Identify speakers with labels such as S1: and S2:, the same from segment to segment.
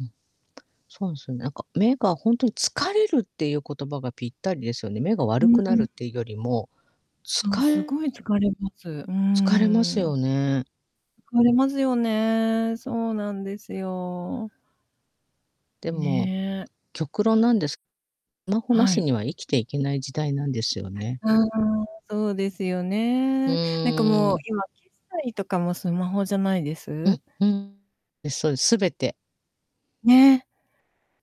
S1: うん。そんすね、なんか、目がほんとに、疲れるっていう言葉がぴったりですよね。目が
S2: う
S1: 悪
S2: ん
S1: く
S2: う
S1: なるっ
S2: ん。
S1: てよりも、つ
S2: そう、
S1: か
S2: すごい疲れます、うー
S1: 疲れますよ
S2: ん。
S1: ね。
S2: 疲れますよね。そうなんですよ。
S1: でも、
S2: ねえ。
S1: 極論なんですスマホな
S2: は
S1: し
S2: い。
S1: には生きていけない時代なんですよね。
S2: ああ、そうですよ
S1: う
S2: ね。なんか
S1: ー
S2: もう、
S1: ん。
S2: 今、決済とかもスマホじゃないで
S1: う
S2: す？
S1: んうん。え、そう、全て。
S2: ね。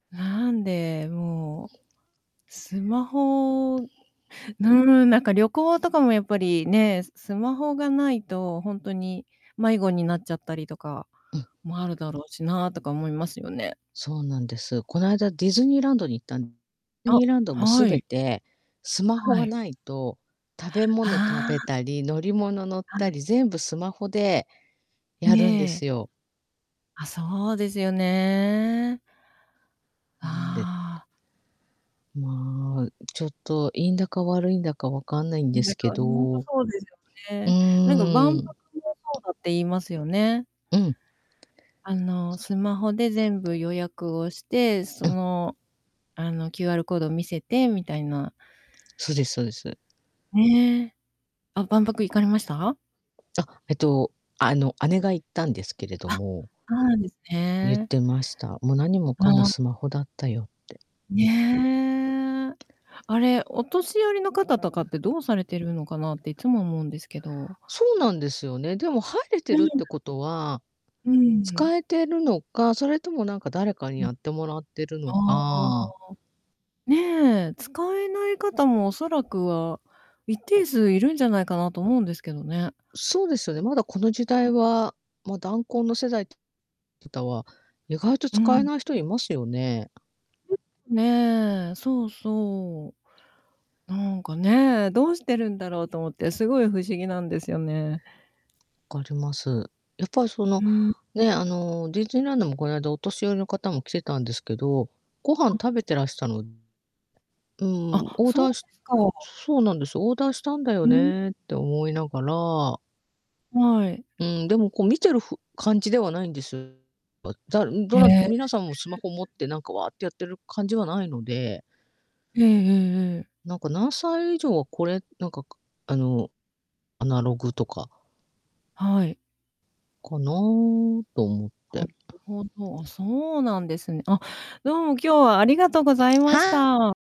S2: なんで、もう、スマホ、うーん、なんか旅行とかもやっぱりね、すスマホがないと、ほんとに迷子になっちゃったりとか
S1: うん。
S2: もあるだろうしなとか思いますよね。
S1: そうなんです。この間、ディズニーランドに行ったん
S2: あ、
S1: ニーランドもす
S2: は
S1: べ
S2: い。
S1: てスマホ
S2: は
S1: が
S2: い。
S1: ないと食べ物食
S2: あ
S1: べ
S2: あ。
S1: たり、乗り物乗っ
S2: は
S1: た
S2: い。
S1: り、全部スマホでやるんで
S2: ええ。
S1: すよ。
S2: あ、そうですよね。
S1: なんで
S2: ああ。
S1: まあ、ちょっと、いいんだか悪いんだか分かんないんで
S2: ん、な
S1: す
S2: んか、
S1: け
S2: ほん
S1: ど、
S2: と
S1: う
S2: そうですよね。なんか万
S1: ー
S2: 博
S1: ん。
S2: もそうだって言いますよね。
S1: うん。
S2: あの、
S1: そそ。
S2: スマホで全部予約をして、
S1: う
S2: そ
S1: ん。
S2: の、あの、QR コード見せて、みたいな。
S1: そうですそうです。
S2: ねえ。あ、
S1: な
S2: 万博行か
S1: ん
S2: れ
S1: か
S2: ました？
S1: あ、えと、あの、姉が行ったんですけれど
S2: あ、
S1: も
S2: そうなんです
S1: ゆっ
S2: ね。
S1: てました。「も、何もかも
S2: あ。
S1: スマホだったよ」って。
S2: ねえ。あれ、お年寄りの方とかってどうされてるのかなって、いつも思うんですけど。
S1: そうなんですよね。でも、入れて
S2: う
S1: るっ
S2: ん。
S1: てことは
S2: うんうん。
S1: 使えてるのか、それともなんか誰かに
S2: うん。
S1: やってもらってるの
S2: ああ。
S1: か
S2: ねえ、使えない方もおそらくは、一定数いるんじゃないかなと思うんですけどね。
S1: そうですよね、まだこの時代
S2: ん。
S1: は、ま、団塊の世代方は、意外と
S2: う
S1: 使え
S2: ん。
S1: ない人いますよね。
S2: ねえ、そうそう。なんかね、どうしてるんだろうと思って、すごい不思議なんですよね。
S1: わかります。やっぱ、その、
S2: うん。
S1: ね、あの、ディズニーランドも、こないだ、お年寄りの方も来てたんですけど、ご飯
S2: あ。
S1: 食べてらしたのうん、
S2: あ、
S1: オー
S2: そう
S1: ダーし
S2: ですか。
S1: そそうなんです、オーダーしたんだよ
S2: うん。
S1: ねって思いながら
S2: はい。
S1: うん、でも、こう、見てるふ感じではないんですばだん、ど
S2: へ
S1: な
S2: え。
S1: 皆さんも、スマホ持ってなんか、ワーってやってる感じはないので
S2: ええええええ。
S1: なんか、何歳以上はこれ、なんか、かあの、アナログとか
S2: はい。
S1: かなと思っ
S2: な
S1: て。
S2: るほど。あ、そうなんですね。あ、どうも今日はありがとうございまし
S1: は
S2: た。